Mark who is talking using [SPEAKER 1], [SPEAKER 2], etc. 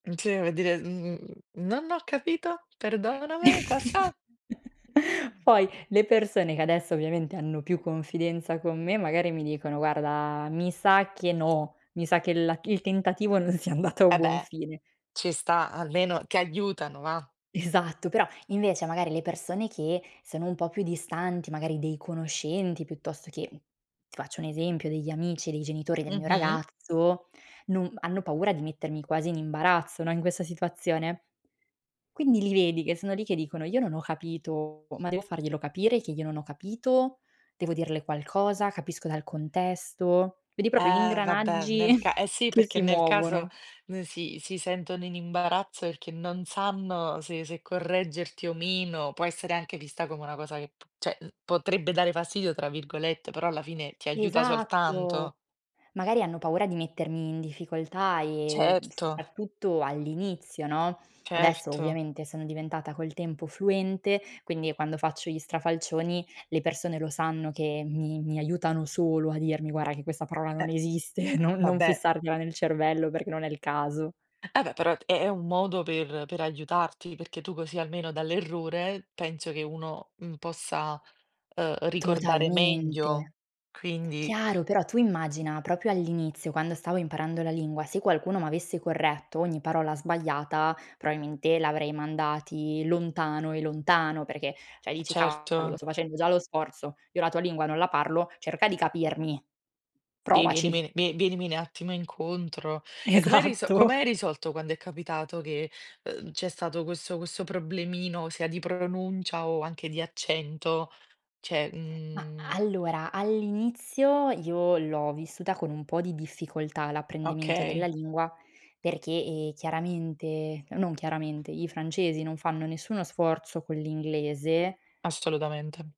[SPEAKER 1] Uhm, sì, per dire, mhmm: "Non ho capito.
[SPEAKER 2] Mh.
[SPEAKER 1] Perdóname, cosa?"
[SPEAKER 2] Poi le persone che adesso ovviamente hanno più confidenza con me magari mi dicono: "Guarda, mi sa che no, mi sa che la il tentativo non sia andato a
[SPEAKER 1] Eh
[SPEAKER 2] buon
[SPEAKER 1] beh,
[SPEAKER 2] fine".
[SPEAKER 1] ci sta. Almeno ti aiutano, va.
[SPEAKER 2] Esatto, però invece magari le persone che sono un po' più distanti, magari dei conoscenti piuttosto che, ti faccio un esempio, degli amici dei genitori del mio
[SPEAKER 1] Mh-mh.
[SPEAKER 2] ragazzo, non hanno paura di mettermi quasi in imbarazzo, no, in questa situazione. Quindi li vedi che sono lì che dicono: "Io non ho capito, ma devo farglielo capire che io non ho capito? Devo dirle qualcosa? Capisco dal contesto?" Vedi proprio gli
[SPEAKER 1] Eh vabbè,
[SPEAKER 2] ingranaggi
[SPEAKER 1] nel ca eh sì,
[SPEAKER 2] che
[SPEAKER 1] perché
[SPEAKER 2] si
[SPEAKER 1] nel caso
[SPEAKER 2] muovono.
[SPEAKER 1] non si si sentono in imbarazzo perché non sanno se se correggerti o meno può essere anche vista come una cosa che p cioè, uhm, potrebbe dare "fastidio", tra virgolette, però alla fine ti aiuta
[SPEAKER 2] Esatto!
[SPEAKER 1] soltanto.
[SPEAKER 2] Magari hanno paura di mettermi in difficoltà e
[SPEAKER 1] Certo.
[SPEAKER 2] soprattutto all'inizio, no, adesso
[SPEAKER 1] Certo.
[SPEAKER 2] ovviamente sono diventata col tempo fluente, quindi quando faccio gli strafalcioni le persone lo sanno che mi mi aiutano solo a dirmi: "Guarda che quella parola
[SPEAKER 1] Eh,
[SPEAKER 2] non esiste, non non
[SPEAKER 1] vabbè.
[SPEAKER 2] fissartela nel cervello perché non è il caso".
[SPEAKER 1] Eh beh, però è è un modo per per aiutarti, perché tu così almeno dall'errore penso che uno, mhmm, possa, uhm, ricordare meglio
[SPEAKER 2] Totalmente.
[SPEAKER 1] quindi.
[SPEAKER 2] Chiaro, però tu immagina proprio all'inizio quando stavo imparando la lingua, se qualcuno m'avesse corretto ogni parola sbagliata, probabilmente li avrei mandati lontano e lontano, perché cioè
[SPEAKER 1] E
[SPEAKER 2] dici: "Cavolo,
[SPEAKER 1] certo.
[SPEAKER 2] sto facendo già lo sforzo, io la tua lingua non la parlo, cerca di capirmi.
[SPEAKER 1] Sì,
[SPEAKER 2] Provaci".
[SPEAKER 1] vienimi vie vienimi un attimo incontro. E com'hai riso
[SPEAKER 2] Esatto.
[SPEAKER 1] com'hai risolto quando è capitato che, uhm, c'è stato questo questo problemino sia di pronuncia o anche di accento? Cioè,
[SPEAKER 2] Mah,
[SPEAKER 1] mhmm
[SPEAKER 2] allora all'inizio io l'ho vissuta con un po' di difficoltà l'apprendimento della
[SPEAKER 1] Okay.
[SPEAKER 2] lingua perché, ehm, chiaramente non chiaramente, i francesi non fanno nessuno sforzo con l'inglese
[SPEAKER 1] Assolutamente.